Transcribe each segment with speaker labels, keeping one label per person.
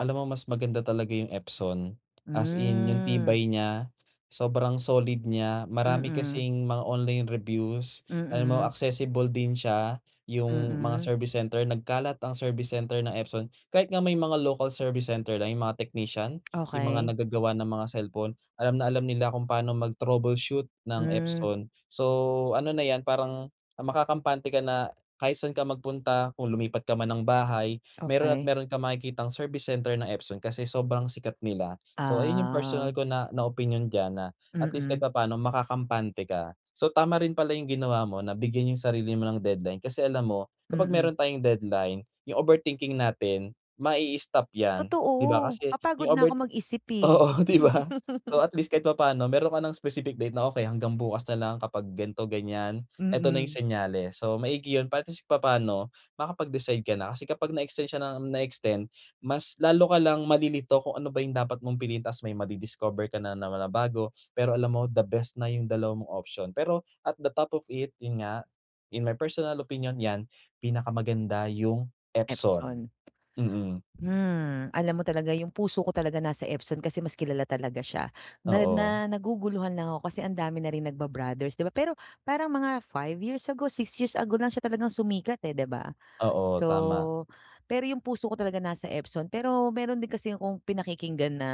Speaker 1: Alam mo mas maganda talaga yung Epson. As in yung
Speaker 2: Hmm.
Speaker 1: tibay niya, sobrang solid niya. Marami
Speaker 2: Mm.
Speaker 1: kasing mga online reviews, alam mo
Speaker 2: Mm.
Speaker 1: accessible din siya. Yung mga
Speaker 2: Mm.
Speaker 1: service center, nagkalat ang service center ng Epson. Kahit nga may mga local service center na yung mga technician, yung mga
Speaker 2: Okey.
Speaker 1: nagagawa ng mga cellphone, alam na alam nila kung paano mag troubleshoot ng
Speaker 2: Hmm.
Speaker 1: Epson. So, ano na yan parang makakampante ka na kahit saan ka magpunta, kung lumipat ka man ng bahay, mayro'n at
Speaker 2: Okey.
Speaker 1: mayro'n kang makikitang service center ng Epson. Kasi sobrang sikat nila. So ayun yung personal
Speaker 2: Ah.
Speaker 1: ko na, na opinyon dyan na at least kahit
Speaker 2: Mm.
Speaker 1: papaano makakampante ka. So tama rin pala yung ginawa mo na bigyan yung sarili mo ng deadline. Kasi alam mo kapag mayro'n
Speaker 2: Mm.
Speaker 1: tayong deadline, yung overthinking natin, mai-stop yan. Di ba
Speaker 2: Totoo.
Speaker 1: kasi
Speaker 2: Mapagod
Speaker 1: yung
Speaker 2: na
Speaker 1: over
Speaker 2: ako mag-isip, eh.
Speaker 1: oo, di ba? So at least kahit papaano mayro'n ka ng specific date na okey hanggang bukas nalang kapag ganito, ganyan, ito na yung
Speaker 2: Mm.
Speaker 1: senyales. So maigi yun para at least papaano makapag-decide ka na. Kasi kapag na extend siya ng na extend, mas lalo ka lang malilito kung ano ba yung dapat mong piliin ta's may madi-discover ka nanaman na bago. Pero alam mo the best na yung 2 mong option. Pero at the top of it, yun nga, in my personal opinion yan pinakamaganda yung Epson.
Speaker 2: Epson.
Speaker 1: Mm.
Speaker 2: Hmm, Alam mo talaga yung puso ko talaga nasa Epson kasi mas kilala talaga siya. Na
Speaker 1: Oo.
Speaker 2: na naguguluhan lang ako kasi ang dami na rin nagba-brothers di ba? Pero parang mga 5 years ago 6 years ago lang siya talagang sumikat, eh, di ba?
Speaker 1: Oo, tama.
Speaker 2: So pero yung puso ko talaga nasa Epson, pero mayro'n din kasi akong pinakikinggan na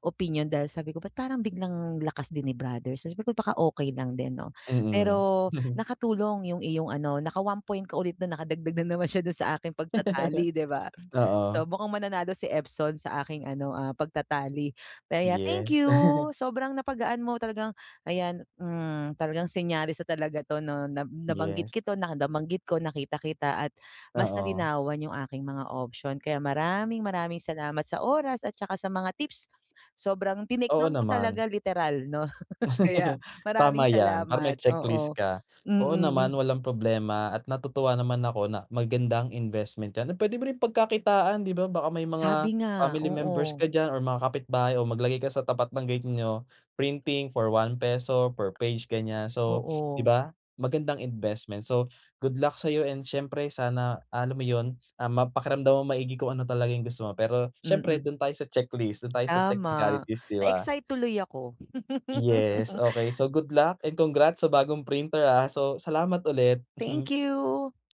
Speaker 2: opinyon dahil sabi ko, "ba't parang biglang lakas din ni brother?" Sabi ko "Baka okey lang din 'no?"
Speaker 1: Mm.
Speaker 2: Pero nakatulong yung iyong ano naka-1 point ka ulit na nakadagdag na naman siya do'n sa aking pagta-tally di ba? So
Speaker 1: Oo.
Speaker 2: mukhang mananalo si Epson sa aking ano, ah, pagta-tally. Kaya, thank
Speaker 1: Yes.
Speaker 2: you sobrang napagaan mo talagang ayan, hmm, talagang senyales na talaga 'to, 'no na nabanggit
Speaker 1: Yes.
Speaker 2: ko 'to na nabanggit ko nakita kita at mas
Speaker 1: Oo.
Speaker 2: nalinawan yung aking mga option. Kaya maraming maraming salamat sa oras at saka sa mga tips. Sobrang tinake
Speaker 1: Oo
Speaker 2: down ko
Speaker 1: naman.
Speaker 2: talaga literal 'no. Kaya
Speaker 1: Tama
Speaker 2: maraming
Speaker 1: yan. Para may
Speaker 2: salamat,
Speaker 1: checklist
Speaker 2: oo.
Speaker 1: ka.
Speaker 2: Mm,
Speaker 1: Oo naman
Speaker 2: hmm.
Speaker 1: walang problema, at natutuwa naman ako na magandang investment yan na puwede mo rin pagkakitaan di ba? Baka may
Speaker 2: Sabi
Speaker 1: mga
Speaker 2: nga,
Speaker 1: family members
Speaker 2: oo.
Speaker 1: ka diyan or mga kapitbahay o maglagay ka sa tapat ng gate nyo. Printing for ₱1 per page ganyan. So, di
Speaker 2: Oo.
Speaker 1: ba, magandang investment? So, good luck sayo and siyempre sana, alam mo yun, ah, mapakiramdaman mo maigi kung ano talaga yung gusto mo. Pero siyempre
Speaker 2: Mm.
Speaker 1: do'n tayo sa checklist, do'n tayo sa
Speaker 2: Tama.
Speaker 1: technicalities, di ba?
Speaker 2: Na-excite tuloy ako.
Speaker 1: Yes, okey. So good luck and congrats sa bagong printer, ah. So, salamat ulit.
Speaker 2: Thank you.